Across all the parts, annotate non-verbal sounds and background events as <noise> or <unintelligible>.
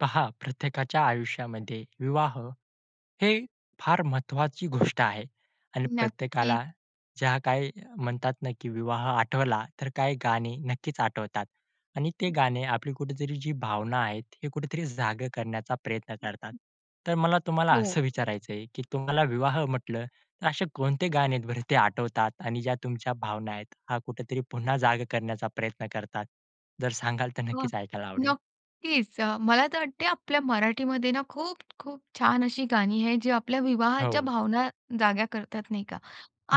पहा, प्रत्येकाच्या आयुष्यामध्ये विवाह ही फार महत्त्वाची गोष्ट आहे. आणि नक्कीच. प्रत्येकाला ज्या काही म्हणतात ना की विवाह आठवला तर काही गाणी नक्कीच आठवतात. आणि ती गाणी आपली कुठेतरी जी भावना आहेत, ही कुठेतरी जाग करण्याचा प्रयत्न करतात. तर मला तुम्हाला हो. असं विचारायचं आहे की तुम्हाला विवाह म्हटलं तर असे कोणते गाणे आहेत बरं ती आठवतात? आणि ज्या तुमच्या भावना आहेत, या कुठेतरी पुन्हा जाग करण्याचा प्रयत्न करतात? जर सांगाल तर हो. नक्कीच ऐकायला आवडेल. नक्कीच. अ, मला तर वाटतंय आपल्या मराठीमध्ये ना खूप-खूप छान अशी गाणी आहेत, जी आपल्या विवाहाच्या हो. भावना जाग्या करतात, नाही का?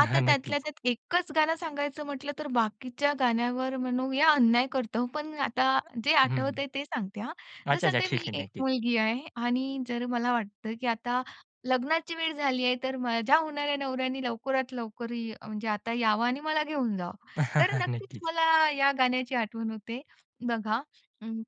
आता त्यातल्या नक्कीच. त्यात एकच गाणं सांगायचं म्हटलं तर बाकीच्या गाण्यांवर म्हणूया अन्याय करतोय, पण आता जे हं. आठवतंय ते सांगते हं. अच्छा, जसं अच्छा. ते ठीक मी आहे, एक नक्कीच. मुलगी आहे आणि जर मला वाटतंय की आता लग्नाची वेळ झाली आहे, तर माझ्या होणाऱ्या नवऱ्याने लवकरात लवकर अ, म्हणजे आता यावं आणि मला घेऊन जावं. तर <chuckles> नक्कीच नक्कीच. मला या गाण्याची आठवण होते बघा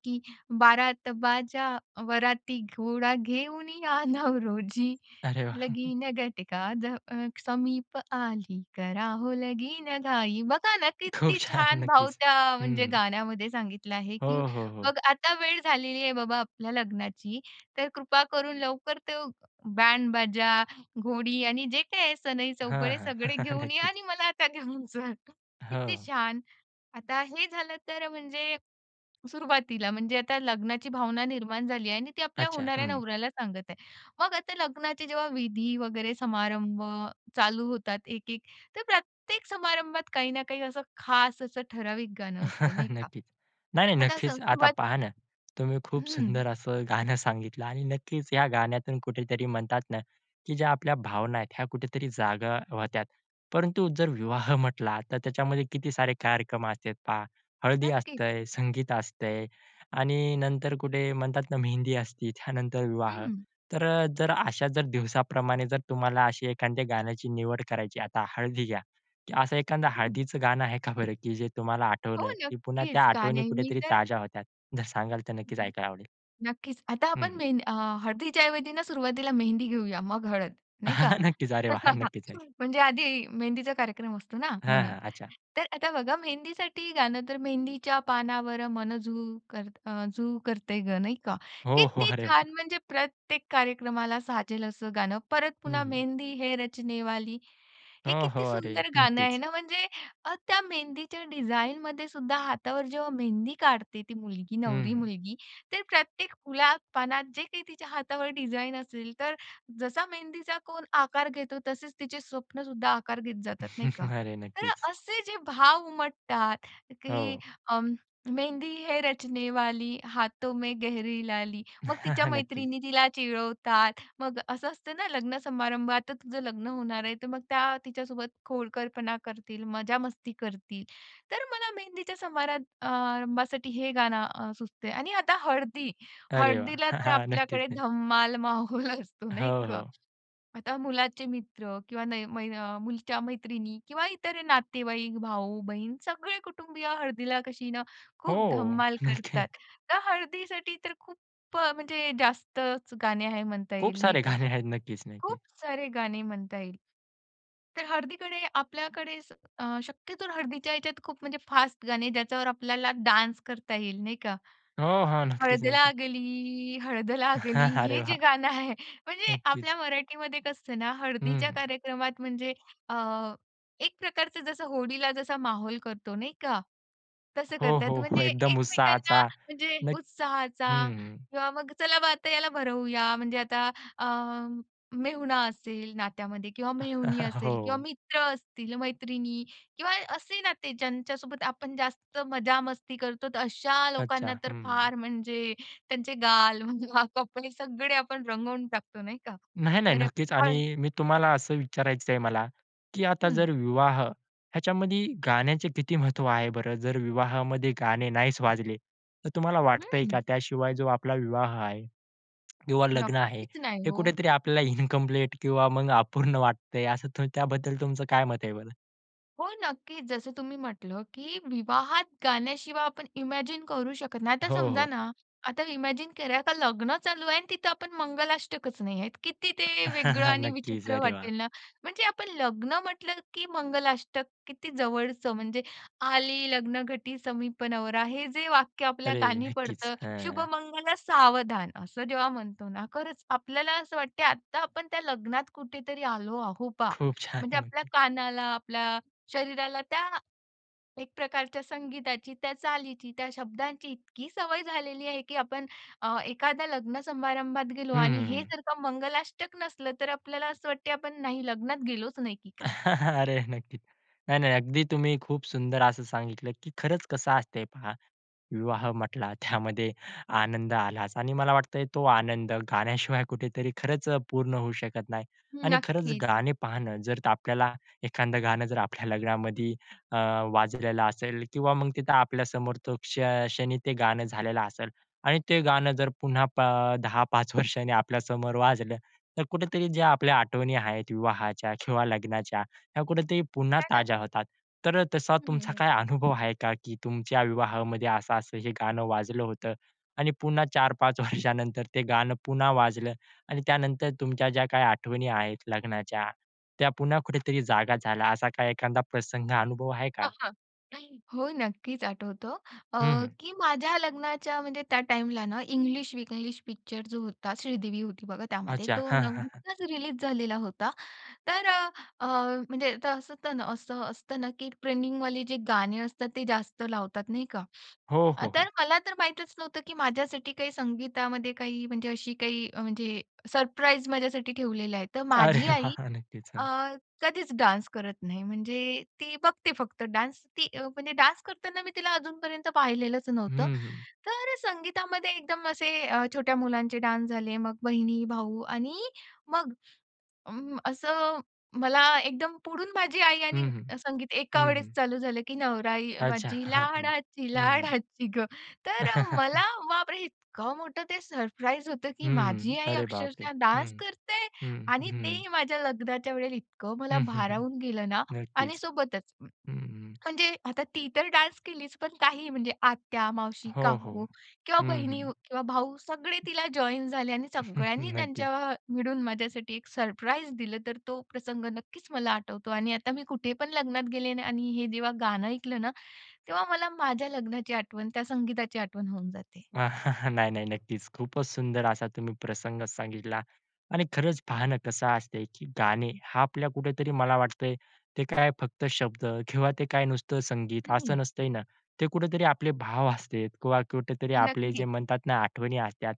की बारात बाजा वराती, घोडा घेऊन या नवरोजी, अरे वाह! <chuckles> लगीन घटका द अ, समीप आली, करा हो लगीनघाई बघा ना, खूप किती छान छान भाव नक्कीच. त्या म्हणजे हं. गाण्यामध्ये सांगितला आहे. हो, की हो, हो. बघ, आता वेळ झालेली आहे बाबा आपल्या लग्नाची, तर कृपा करून लवकर तो बॅंड-बाजा, घोडी आणि जे काही आहे हां, सनई-चौघडे हां. सगळे <chuckles> घेऊन या नक्कीच. आणि मला आता घेऊन जा. किती हां. छान. आता हे झालं तर म्हणजे सुरुवातीला म्हणजे आता लग्नाची भावना निर्माण झाली आहे आणि ती आपल्या अच्छा. होणाऱ्या हं नवऱ्याला सांगत आहे. मग आता लग्नाचे जेव्हा विधी वगैरे समारंभ चालू होतात 1-1 तर प्रत्येक समारंभात काही ना काही असं खास असं ठराविक गाणं असतं, नाही <chuckles> का? नक्कीच. नाही-नाही, आता असं नक्कीच. आता सुरुवात पहा ना, तुम्ही खूप हं. सुंदर असं गाणं सांगितलं. आणि नक्कीच या गाण्यातून कुठेतरी म्हणतात ना की ज्या आपल्या भावना आहेत, ह्या कुठेतरी जाग्या होतात. परंतु जर विवाह म्हटला, तर त्याच्यामध्ये किती सारे कार्यक्रम असतात पहा हळदी नक्कीच. असते, संगीत असतं. आणि नंतर कुठे म्हणतात ना मेहंदी असते, त्यानंतर विवाह. हं. तर अ, जर अशा जर दिवसाप्रमाणे जर तुम्हाला अशी एखाद्या गाण्याची निवड करायची, आता हळदी घ्या, असं एखादं हं. हळदीचं गाणं आहे का बरं की जे तुम्हाला हो आठवलं; की पुन्हा त्या नक्कीच. का आठवणी नाही मी कुठेतरी तर ताज्या होतात? जर सांगाल तर नक्कीच हं, ह. ऐकायला आवडेल. नक्कीच. आता हं, आपण हं. मेहंदी अ, हळदीच्या ऐवजी सुरुवातीला मेहंदी घेऊया, मग हळद, नाही का? <chuckles> नक्कीच. अरे वाह! <chuckles> नक्कीच. नक्की, <unintelligible> म्हणजे आधी मेहंदीचा कार्यक्रम असतो ना हां, म्हणून. हां. अच्छा. तर आता बघा मेहंदीसाठी गाणं तर, मेहंदीच्या पानावर मन झू करत अं, झू करतय गं, नाही-का? हो, हो. किती <chuckles> अरे वाह! छान म्हणजे प्रत्येक कार्यक्रमाला साजेल असं गाणं परत हं, पुन्हा हं. मेहंदी है रचनेवाली. हे हो, किती हो. अरे सुंदर गाणं आहे नक्कीच. ना. म्हणजे अ, त्या मेहंदीच्या डिझाईनमध्ये सुद्धा हातावर जेव्हा मेहंदी काढते ती मुलगी, नवरी हं. मुलगी, तर प्रत्येक फुला-पानात जे काही तिच्या हातावर डिझाईन असेल, तर जसा मेहंदीचा कोन आकार घेतो, तसेच तिचे स्वप्नंसुद्धा आकार घेत जातात, नाही का? <chuckles> अरे तर नक्कीच. असे जे भाव उमटतात की हो. अ, मेहंदी है रचनेवाली, हाथों में गहरी लाली. मग तिच्या <laughs> नक्की. मैत्रिणी तिला चिडवतात, मग असं असतं ना लग्न-समारंभात, आता तुझं लग्न होणार आहे, तर मग त्या तिच्यासोबत खोडकरपणा करतील, मजा-मस्ती करतील. तर मला मेहंदीच्या समार अ, रंभासाठी अ, हे गाणं अ, सुचतंय. आणि आता हळदी, अरे वाह. हळदीला तर <chuckles> नक्कीच आपल्याकडे नक्की. धम्माल <chuckles> माहोल असतो, नाही हो, का? हो. आता मुलाचे मित्र किंवा नय मय अ, मुलीच्या मैत्रिणी किंवा इतर नातेवाईक, भाऊ-बहीण, सगळे कुटुंबीय हळदीला कशी ना, खूप हो. धम्माल नक्की. करतात. तर हळदीसाठी तर खूप अ, म्हणजे जास्तच गाणी आहेत म्हणता खूप येईल, नाही सारे का. गाणे आहेत. नक्कीच नक्कीच. खूप सारे गाणे म्हणता येईल. तर हळदीकडे आपल्याकडे अ, शक्यतो हळदीच्या ह्याच्यात खूप म्हणजे फास्ट गाणे, ज्याच्यावर आपल्याला डान्स करता येईल, नाही का? हो. हां. नक्कीच हळद नक्कीच. लागली, हळद लागली <chuckles> अरे हे वाह! जे गाणं आहे, म्हणजे नक्कीच. आपल्या मराठीमध्ये कसं असतं ना हं, हळदीच्या हं. कार्यक्रमात, म्हणजे अ, एक प्रकारचं जसं होळीला जसा माहोल करतो, नाही का? तसं हो, करतात. हो, हो. म्हणजे एकदम एकमेकांना, उत्साहाचा म्हणजे नक्क हं, उत्साहाचा हं. किंवा मग चला बा आता याला भरवूया, म्हणजे आता अ, मेहुणा असेल नात्यामध्ये किंवा मेहुणी <chuckles> असेल किंवा हो. मित्र असतील, मैत्रिणी किंवा असे नाते, ज्यांच्यासोबत आपण जास्त मजा-मस्ती करतो, तर अशा अच्छा. लोकांना तर हं. फार म्हणजे त्यांचे गाल, <laughs> कपडे सगळे आपण रंगवून टाकतो, नाही का? नाही, नाही. तर नक्कीच. हळद आणि मी तुम्हाला असं विचारायचं आहे मला की आता हं. जर विवाह ह्याच्यामध्ये गाण्याचे किती महत्व आहे बरं? जर विवाहामध्ये गाणे नाहीच वाजले तर तुम्हाला वाटतंय हं. का त्याशिवाय जो आपला विवाह आहे किंवा लग्न आहे नक्कीच नाही हे हो. कुठेतरी आपल्याला इनकम्प्लीट किंवा मग अपूर्ण वाटतंय, असं त्याबद्दल तुमचं काय मत आहे बरं? हो, नक्कीच. जसं तुम्ही म्हटलं, की विवाहात गाण्याशिवाय आपण इमॅजिन करू शकत नाही. आता हो, समजा हो. ना, आता इमॅजिन करा, का लग्न चालू आहे आणि तिथं आपण मंगलाष्टकच नाहीयेत. किती ते वेगळं आणि नक्कीच, विचित्र अरे वाह! वाटेल ना? म्हणजे आपण लग्न म्हटलं, की मंगलाष्टक किती जवळचं म्हणजे, "आली लग्नघटी समीप, नवरा" हे जे वाक्य आपल्या अरे! कानी नक्कीच. पडतं, हं. "शुभमंगल सावधान" असं जेव्हा म्हणतो ना, खरंच आपल्याला असं वाटतं, आत्ता आपण त्या लग्नात कुठेतरी आलो आहो बा, खूप म्हणजे छान. आपल्या कानाला, आपल्या शरीराला त्या एक प्रकारच्या संगीताची, त्या चालीची, त्या शब्दांची इतकी सवय झालेली आहे, की आपण अ, एखाद्या लग्न समारंभात गेलो हं, आणि हं, हे हं. जर का मंगलाष्टक नसलं, तर आपल्याला असं वाटतं, आपण नाही, लग्नात गेलोच नाही की काय? <chuckles> अरे नक्कीच. नाही, नाही. अगदी तुम्ही खूप सुंदर असं सांगितलं की खरंच कसं असतंय पहा. विवाह म्हटला, त्यामध्ये <exhales> आनंद आलाच आणि मला वाटतंय, तो आनंद गाण्याशिवाय कुठेतरी खरंच अ, पूर्ण होऊ शकत नाही. आणि खरंच, नक्कीच. गाणे पाहणं, जर आपल्याला एखादं गाणं जर आपल्या लग्नामध्ये अ, वाजलेलं असेल किंवा मग तिथं आपल्या समोर तो क्ष क्षणी ते गाणं झालेलं असेल. आणि ते गाणं जर पुन्हा पा अ, 10-5 वर्षांनी आपल्यासमोर वाजलं, तर कुठेतरी ज्या आपल्या आठवणी आहेत, विवाहाच्या किंवा लग्नाच्या, ह्या कुठेतरी पुन्हा काय ताज्या नक होतात. तर अ, तसा हं, हं, तुमचा हं. काय अनुभव आहे का, की तुमच्या विवाहामध्ये असं-असं हे गाणं वाजलं होतं आणि पुन्हा 4-5 वर्षानंतर ते गाणं पुन्हा वाजलं आणि त्यानंतर तुमच्या ज्या काही आठवणी आहेत लग्नाच्या, त्या पुन्हा कुठेतरी जागा झाल्या? असा काय एखादा प्रसंग, अनुभव आहे का? हां, हां. नाही, हो, नक्कीच आठवतो, अ, हं, हं. की माझ्या लग्नाच्या म्हणजे त्या टाईमला ना, "इंग्लिश विंग्लिश" पिक्चर जो होता, श्रीदेवी होती बघा त्यामध्ये, अच्छा. तो हां, हां, हां. नुकताच रिलीज झालेला होता. तर अ, अ, म्हणजे त असं त ना असं असतं ना की ट्रैनिंग जे गाणी असतात, ते जास्त लावतात, नाही का? हो, आ हो, हो. तर मला तर माहीतच नव्हतं, की माझ्यासाठी काही संगीतामध्ये काही म्हणजे अशी काही, अ, म्हणजे सरप्राईज माझ्यासाठी ठेवलेलं आहे. तर माझी अरे आई वाह! नक्कीच. अ, हं. कधीच डान्स करत नाही. म्हणजे ती बघते फक्त डान्स. ती अ, म्हणजे डान्स करताना मी तिला अजूनपर्यंत पाहिलेलंच नव्हतं. हं, हं. तर संगीतामध्ये एकदम असे अ, छोट्या मुलांचे डान्स झाले, मग बहिणी, भाऊ आणि मग अं, असं मला एकदम पुढून माझी आई आणि हं, हं. संगीत हं, एकावेळेस हं. चालू झालं, की "नवराई अच्छा. माझी हं, हं, लाडाची हं. लाडाची गं". तर अ, मला, <chuckles> बाप रे! इतकं मोठं ते सरप्राईज होतं, की हं. माझी आई अरे बापरे! अक्षरशः हं. डान्स करते? <breath> हं. आणि हं. तेही माझ्या लग्नाच्या वेळेला इतकं मला हं, हं, हं. भारावून गेलं ना. आणि नक्कीच. सोबतच, <swallows> हं. म्हणजे आता ती तर डान्स केलीच, पण काही म्हणजे आत्या, मावशी, हो, काकू हो. किंवा हं, बहिणी हं. किंवा भाऊ, सगळे तिला जॉइन झाले आणि <chuckles> सगळ्यांनी नक्कीच. त्यांच्या मिळून माझ्यासाठी एक सरप्राईज दिलं. तर तो प्रसंग नक्कीच मला आठवतो. आणि आता मी कुठेपण लग्नात गेले ना आणि हे जेव्हा गाणं ऐकलं ना, <inhales> तेव्हा मला माझ्या लग्नाची आठवण, त्या संगीताची आठवण होऊन जाते. <chuckles> नाही, नाही, नक्कीच. खूपच सुंदर असा तुम्ही प्रसंग सांगितला. आणि खरंच, पहा ना, कसं असतंय की गाणे हा आपल्या कुठेतरी, मला वाटतंय, ते काय फक्त शब्द किंवा ते काय नुसतं संगीत असं हं. नसतंय ना? ते कुठेतरी आपले भाव असतात किंवा कुठेतरी आपले नक्की. जे म्हणतात ना, आठवणी असतात.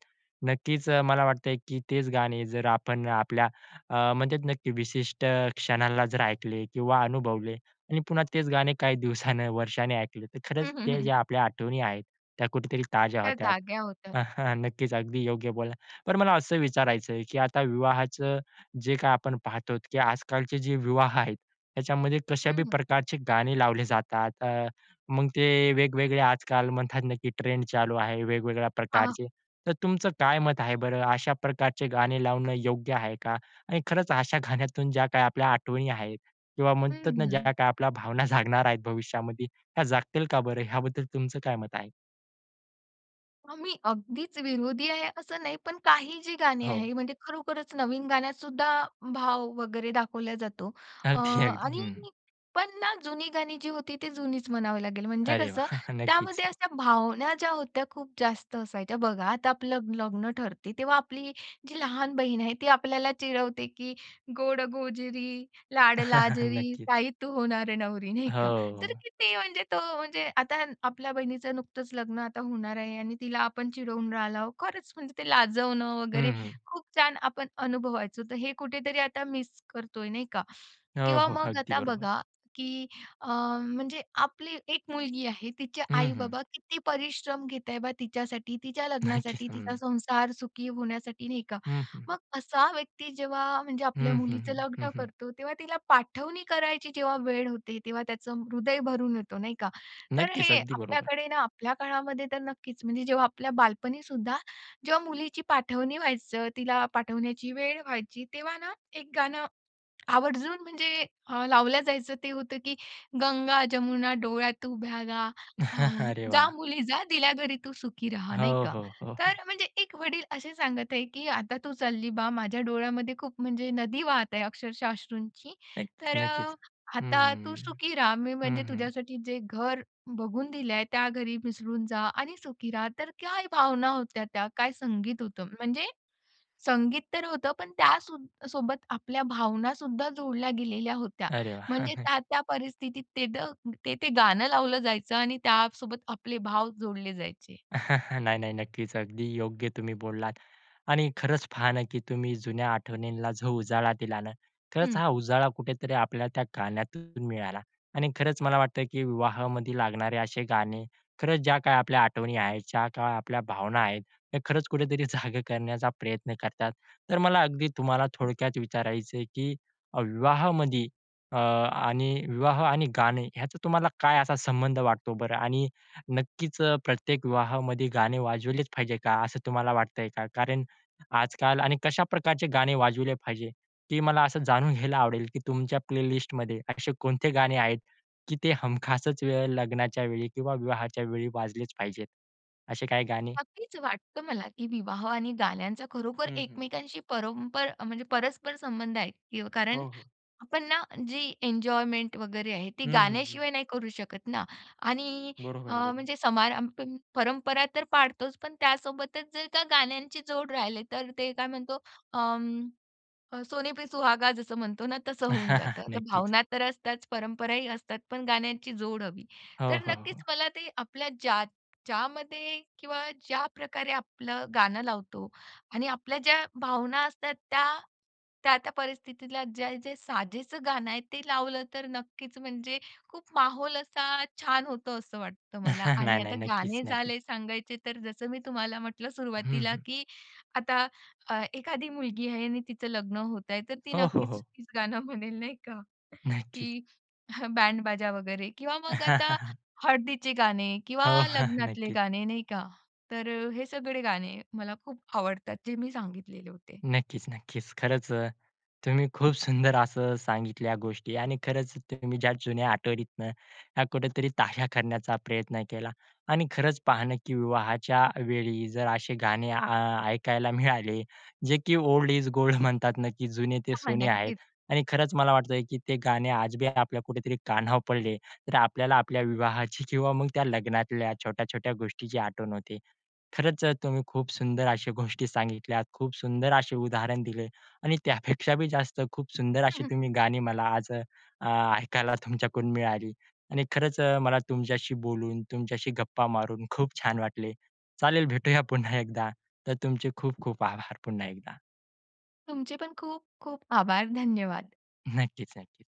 नक्कीच, मला वाटतंय, की तेच गाणे जर आपण आपल्या अ, म्हणजे नक्की विशिष्ट क्षणाला जर ऐकले किंवा अनुभवले आणि पुन्हा तेच गाणे काही दिवसानं, वर्षांनी ऐकलं, तर खरंच हं, हं, ते हं. ज्या आपल्या आठवणी आहेत, त्या कुठेतरी ताज्या त्या होतात. जाग्या होतात. <chuckles> नक्कीच, अगदी योग्य बोललात. पण मला असं विचारायचं आहे, की आता विवाहाचं जे काही आपण पाहतो, की आजकालचे जे विवाह आहेत, त्याच्यामध्ये कशा बी हं. प्रकारचे गाणे लावले जातात, अ, मग ते वेगवेगळे आजकाल म्हणतात ना, की ट्रेंड चालू आहे, वेगवेगळ्या आह. प्रकारचे. तर तुमचं काय मत आहे बरं? अशाप्रकारचे गाणे लावणं योग्य आहे का? आणि खरंच, अशा गाण्यातून ज्या काही आपल्या आठवणी आहेत किंवा म्हणतात ना, ज्या हम्म. काही आपल्या भावना जागणार आहेत भविष्यामध्ये, ह्या जागतील का बरं? ह्याबद्दल तुमचं काय मत आहे? आम्ही अगदीच विरोधी आहे असं नाही, पण काही जी गाणी हो. आहे म्हणजे खरोखरच नवीन गाण्यातसुद्धा भाव वगैरे दाखवल्या जातो. अ, अगदी अगदी. आणि हं. पण ना, जुनी गाणी जी होती ती जुनीच म्हणावं लागेल, म्हणजे अरे कसं वाह! नक्कीच. त्यामध्ये अशा भावना ज्या होत्या खूप जास्त असायच्या. बघा, आता आपलं लग्न ठरते, तेव्हा आपली जी लहान बहीण आहे ती आपल्याला चिडवते की "गोड-गोजिरी, <chuckles> लाड-लाजरी, नक्कीच. ताई तू होणार नवरी" नाही का? तर हो. किती म्हणजे तो म्हणजे आता आपल्या बहिणीचं नुकतंच लग्न आता होणार आहे आणि तिला आपण चिडवून राहिलो. खरंच म्हणजे ते लाजवणं वगैरे हं, हं. खूप छान आपण अनुभवायचो. तर हे कुठेतरी आता मिस करतोय नाही का? हो, किंवा हो, मग अगदी आता बरोबर. बघा की अ, म्हणजे आपली एक मुलगी आहे तिचे हं, हं. आई-बाबा किती परिश्रम घेत आहे बा तिच्यासाठी? तिच्या नक्कीच, लग्नासाठी, तिचा हं. संसार सुखी होण्यासाठी, नाही का? हं, हं. मग असा व्यक्ती जेव्हा म्हणजे आपल्या हं, हं, मुलीचं हं. हं, लग्न हं. करतो, तेव्हा तिला पाठवणी करायची जेव्हा वेळ होते, तेव्हा त्याचं हृदय भरून येतो, नाही का? तर नक्कीच, हे अगदी बरोबर. आपल्याकडे ना आपल्या काळामध्ये तर नक्कीच म्हणजे जेव्हा आपल्या बालपणीसुद्धा, जेव्हा मुलीची पाठवणी व्हायचं, तिला पाठवण्याची वेळ व्हायची तेव्हा ना एक गाणं आवर्जून म्हणजे अ, लावलं जायचं, ते होतं की "गंगा-जमुना डोळ्यात उभ्या गा अ, <chuckles> अरे जा वाह! मुली जा दिल्या घरी तू सुखी रहा," नाही हो, का. हो, हो, हो. तर म्हणजे एक वडील असे सांगत आहे की "आता तू चालली बा, माझ्या डोळ्यामध्ये खूप म्हणजे नदी वाहत आहे, अक्षरशः अश्रूंची. नक्कीच, तर नक्कीच. अ, आता तू हं. सुखी रहा. मी म्हणजे हं, हं. तुझ्यासाठी जे घर बघून दिलं आहे, त्या घरी मिसळून जा आणि सुखी रहा." तर काय भावना होत्या त्या! काय संगीत होतं! म्हणजे संगीत तर होतं, पण त्यासो सोबत आपल्या भावनासुद्धा जोडल्या गेलेल्या होत्या. अरे म्हणजे वाह! त्या-त्या परिस्थितीत ते, त ते-ते गाणं लावलं जायचं आणि त्यासोबत आपले भाव जोडले जायचे. <chuckles> नाही, नाही, नक्कीच. अगदी योग्य तुम्ही बोललात आणि खरंच पहा ना की तुम्ही जुन्या आठवणींना जो उजाळा दिला ना. खरंच हं. हा उजाळा कुठेतरी आपल्या त्या गाण्यातून मिळाला आणि खरंच मला वाटतं की विवाहामध्ये लागणारे असे गाणे, खरंच ज्या काही आपल्या आठवणी आहेत, ज्या काय आपल्या भावना आहेत, हे खरंच कुठेतरी जागं करण्याचा प्रयत्न करतात. तर मला अगदी तुम्हाला थोडक्यात विचारायचं आहे की विवाहामध्ये अ, आणि विवाह आणि गाणे ह्याचा तुम्हाला काय असा संबंध वाटतो बरं? आणि नक्कीच प्रत्येक विवाहामध्ये गाणे वाजवलेच पाहिजे का, असं तुम्हाला वाटतंय का? कारण आजकाल आणि कशा प्रकारचे गाणे वाजविले पाहिजे? ते मला असं जाणून घ्यायला आवडेल की तुमच्या प्लेलिस्टमध्ये असे कोणते गाणे आहेत की ते हमखासच वेळ लग्नाच्या वेळी किंवा विवाहाच्या वेळी वाजलेच पाहिजेत? असे काही गाणे? नक्कीच वाटतं मला, की विवाह आणि गाण्यांचा खरोखर हं, हं. एकमेकांशी परंपर म्हणजे परस्पर संबंध आहे. य कारण हो, हो. आपण ना जी एन्जॉयमेंट वगैरे आहे ती हं, हं, हं. गाण्याशिवाय नाही करू शकत ना. आणि बरोबर अ, आहे. बरो म्हणजे समारंभ परंपरा तर पाळतोच, पण त्यासोबतच जर का गाण्यांची जोड राहिले तर ते काय म्हणतो अं. अ, "सोने पे सुहागा" जसं म्हणतो ना तसं होऊन <chuckles> जातं. तर नक्कीच. भावना तर असतात, परंपराही असतात, पण गाण्यांची जोड हवी. हो, तर हो, नक्कीच हो. मला ते आपल्या ज्या ज्यामध्ये किंवा ज्याप्रकारे आपलं गाणं लावतो आणि आपल्या ज्या भावना असतात त्या त्या-त्या परिस्थितीतला जे-जे साजेचं गाणं आहे ते लावलं तर नक्कीच म्हणजे खूप माहोल असा छान होतो असं वाटतं मला. <chuckles> नाही, आणि नाही, आता नक्कीच, गाणे नक्कीच. झाले सांगायचे तर जसं मी तुम्हाला म्हटलं हं, सुरुवातीला हं. की आता अ, एखादी मुलगी आहे आणि तिचं लग्न होत आहे, तर ती हो, हो, नक्कीच हो. तीच गाणं म्हणेल नाही का नक्कीच. की <chuckles> बँड बाजा वगैरे किंवा मग आता <chuckles> हळदीचे गाणे किंवा हो, हां, लग्नातले नक्कीच. गाणे नाही का. तर अ, हे सगळे गाणे मला खूप आवडतात जे मी सांगितलेले होते. नक्कीच, नक्कीच, खरंच तुम्ही खूप सुंदर असं सांगितल्या गोष्टी आणि खरंच तुम्ही ज्या जुन्या आठवणीतनं ह्या कुठेतरी ताज्या करण्याचा प्रयत्न केला आणि खरंच पाहणं की विवाहाच्या वेळी जर असे गाणे आ, ऐकायला मिळाले जे की "ओल्ड इस गोल्ड" म्हणतात ना की "जुने ते हां, हां, सोने" आहेत. नक्कीच. आणि खरंच मला वाटतं की ते गाणे आज बी आपल्या कुठेतरी कानावर पडले तर आपल्याला आपल्या विवाहाची किंवा मग त्या लग्नातल्या छोट्या-छोट्या गोष्टीची आठवण होते. खरंच अ, तुम्ही खूप सुंदर अशी गोष्टी सांगितल्यात, खूप सुंदर असे उदाहरण दिले आणि त्यापेक्षा बी जास्त खूप सुंदर हं, अशी हं. तुम्ही गाणी मला आज अ, ऐकायला तुमच्याकडून मिळाली आणि खरंच अ, मला तुमच्याशी बोलून, तुमच्याशी गप्पा मारून खूप छान वाटले. चालेल भेटूया पुन्हा एकदा. तर तुमचे खूप-खूप आभार पुन्हा एकदा. तुमचे पण खूप-खूप आभार. धन्यवाद! नक्कीच, नक्कीच.